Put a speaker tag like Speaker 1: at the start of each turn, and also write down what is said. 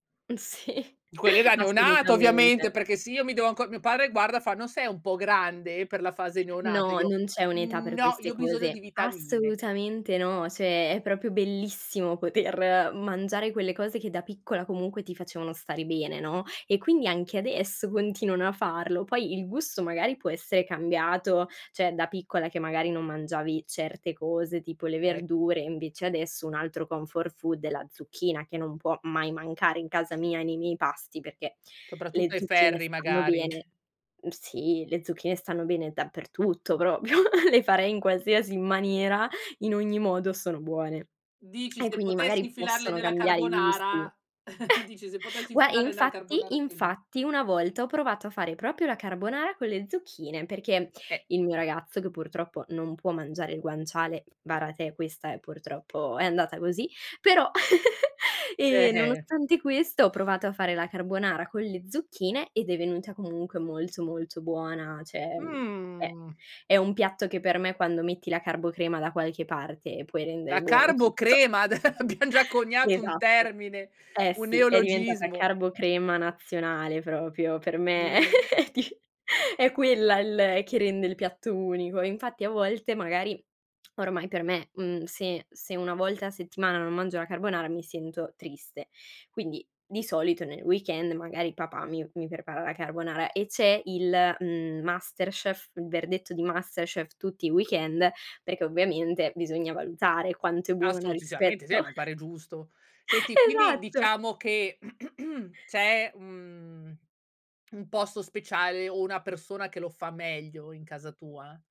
Speaker 1: Sì,
Speaker 2: Quelle da neonato ovviamente,
Speaker 1: assolutamente.
Speaker 2: perché se io mi devo anco mio padre, guarda, fa: "Non sei un po' grande per la fase neonato?" E
Speaker 1: No,
Speaker 2: io:
Speaker 1: non c'è un'età
Speaker 2: "Mhmm,
Speaker 1: per
Speaker 2: no,
Speaker 1: queste
Speaker 2: io ho bisogno di
Speaker 1: cose.
Speaker 2: vitamine."
Speaker 1: Assolutamente no, cioè è proprio bellissimo poter mangiare quelle cose che da piccola comunque ti facevano stare bene, no, e quindi anche adesso continuano a farlo. Poi il gusto magari può essere cambiato, cioè da piccola, che magari non mangiavi certe cose, tipo le
Speaker 2: Ec
Speaker 1: verdure e invece adesso un altro comfort food è la zucchina, che non può mai mancare in casa mia, nei miei pasti, perchè le
Speaker 2: Soprattutto ai
Speaker 1: zucchine
Speaker 2: ferri
Speaker 1: stanno
Speaker 2: magari.
Speaker 1: bene mhmm, sì, le zucchine stanno bene dappertutto proprio, le farei in qualsiasi maniera, in ogni modo sono buone.
Speaker 2: Dici:
Speaker 1: E
Speaker 2: "Se
Speaker 1: quindi
Speaker 2: potessi
Speaker 1: magari
Speaker 2: infilarle
Speaker 1: possono
Speaker 2: nella
Speaker 1: cambiare i gusti.
Speaker 2: carbonara" dici: "Se potessi
Speaker 1: Gua
Speaker 2: infilare nella
Speaker 1: infatti
Speaker 2: carbonara che li"
Speaker 1: infatti, una volta ho provato a fare proprio la carbonara con le zucchine, perché
Speaker 2: Eh.
Speaker 1: il mio ragazzo che purtroppo non può mangiare il guanciale vara te! Questa, eh, purtroppo è andata così, però ehm,
Speaker 2: Eh-eh.
Speaker 1: nonostante questo ho provato a fare la carbonara con le zucchine ed è venuta comunque molto, molto buona. Cioè, mhmm, è
Speaker 2: Mh.
Speaker 1: è un piatto che per me, quando metti la carbocrema da qualche parte, puoi rendere
Speaker 2: La
Speaker 1: buono tutto
Speaker 2: carbocrema?! Ade abbiam già coniato un
Speaker 1: Esatto.
Speaker 2: termine,
Speaker 1: Eh,
Speaker 2: un
Speaker 1: sì, è diventata
Speaker 2: neologismo.
Speaker 1: carbocrema nazionale proprio. Per me,
Speaker 2: Mh.
Speaker 1: è di è quella il che rende il piatto unico. Infatti a volte magari, ormai per me, mhmm, se se 1 volta a settimana non mangio la carbonara mi sento triste. Quindi di solito nel weekend, magari papà mi mi prepara la carbonara e c'è il, mhmm, masterchef, il verdetto di masterchef tutti i weekend, perché ovviamente bisogna valutare quanto è buona
Speaker 2: Assolutissimamente sì e
Speaker 1: rispetto
Speaker 2: mi pare giusto. Senti, quindi
Speaker 1: Esatto.
Speaker 2: diciamo che c'è un mhmm, un posto speciale o una persona che lo fa meglio in casa tua?